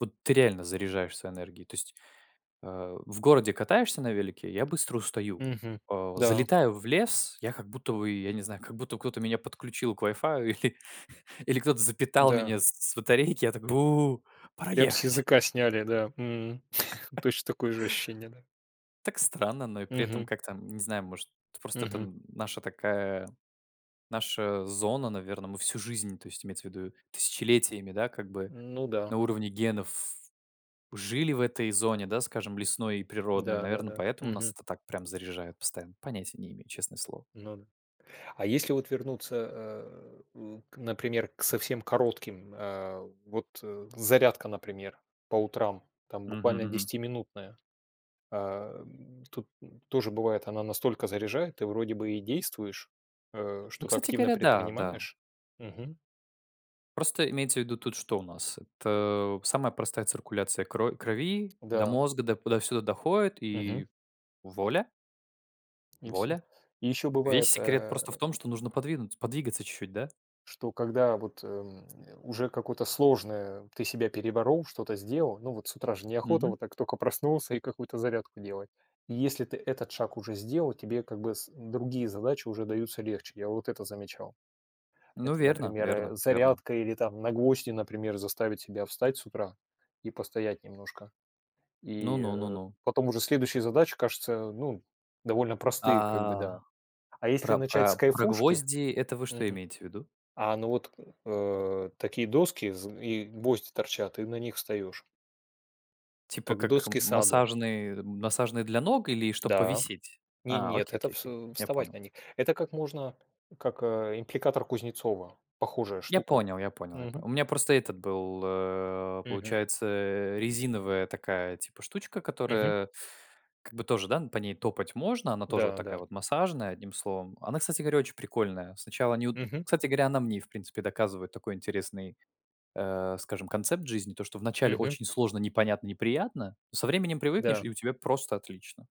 Вот ты реально заряжаешься энергией. То есть, а, в городе катаешься на велике и я быстро устаю. Мгм. А, Да. залетаю в лес, я как будто бы, я не знаю, как будто кто-то меня подключил к вай-фаю или, или кто-то запитал М-да. меня с с батарейки, я так: бу, пора Прям с ехать. языка сняли, да мгм. Точно такое же ощущение, да? Так странно, но и при этом, Мгм. как-то не знаю, может просто это Мгм. н наша такая, наша зона. Наверно, мы всю жизнь- то есть имеется ввиду тысячелетиями- да, как бы Ну да. на уровне генов жили в этой зоне, да, скажем, лесной и природной, наверно, Да-да-да. поэтому нас Мгм. это так прям заряжает постоянно, понятия не имею, честное слово. Ну да. А если вот вернуться, а, н к, например, к совсем коротким, а, вот, э, зарядка, например, по утрам, там Мгм буквально мгм. десятиминутная. Ам, тут, ну, тоже бывает, она настолько заряжает. Ты вроде бы и действуешь, э, Ну, что-то кстати активно говоря, да, да. предпринимаешь? Мгм. Просто имеется ввиду, тут что у нас? Это самая простая циркуляция кро крови до Да. мозга, да, туда-сюда доходит. Мгм. И вуаля. И всё. Вуаля. И ещё Весь бывает, секрет просто в э том, что нужно подвинуться подвигаться чуть-чуть, да? что когда вот, эм, уже какое-то сложное ты себя переборол, что-то сделал, ну вот с утра же неохота, Мгм. вот так тока проснулся и какую-то зарядку делать. И если ты этот шаг уже сделал, тебе как бы с другие задачи уже даются легче. Я вот это замечал. Ну Это, верно, например, верно, э, верно. зарядка или там на гвозди, например, заставить себя встать с утра и постоять немножко. Ну И, ну. Ну э, ну. потом уже следующие задачи, кажется ну, довольно простые, как бы, да. А, А если про начать про с про кайфушки гвозди- это вы что Мгм. имеете ввиду? А, ну вот, э, такие доски зн и гвозди торчат, и на них встаешь. Типа Как в как м доски саду. массажные, массажные для ног или чтобы Да. повисеть? Не А, нет, окей это окей вс окей. Я вставать понял. на них. Это как можно как, э, аппликатор Кузнецова. Похожая Я штука. понял я понял я по Мгм. У меня просто этот был, э, Мгм. получается, э, резиновая такая типа штучка, Мгм. которая как бы тоже, да, н по ней топать можно. Она тоже вот Да, да. такая вот массажная, одним словом. Она, кстати говоря, очень прикольная. Сначало не удо Мгм. Кстати говоря, она мне и в принципе доказывает такой интересный, э, скажем, концепт жизни. То, что вначале Мгм. очень сложно, непонятно, неприятно. Со временем привыкнешь Да. и у тебя просто отлично.